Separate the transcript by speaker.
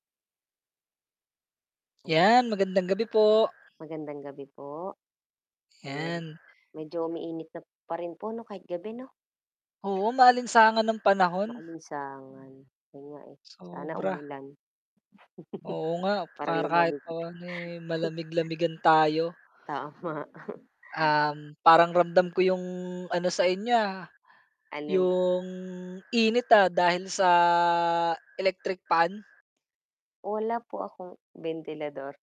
Speaker 1: Ayan.
Speaker 2: 'Yan, magandang gabi po.
Speaker 1: Magandang gabi po. Ayun,
Speaker 2: 'Yan.
Speaker 1: medyo umiinit na pa rin po ano kahit gabi 'no?
Speaker 2: Oo, maalinsangan ang panahon.
Speaker 1: Maalisangan. Ayun nga, eh, sana
Speaker 2: Sobra.
Speaker 1: umulan.
Speaker 2: Oo nga,
Speaker 1: Para
Speaker 2: para kahit
Speaker 1: lumamig ulit.
Speaker 2: pa'no, eh, malamig-lamigan tayo.
Speaker 1: Tama.
Speaker 2: Um, parang ramdam ko yung ano sa inyo, ah,
Speaker 1: Alin po?
Speaker 2: yung init, ah, dahil sa electric fan.
Speaker 1: Wala po akong bentilador.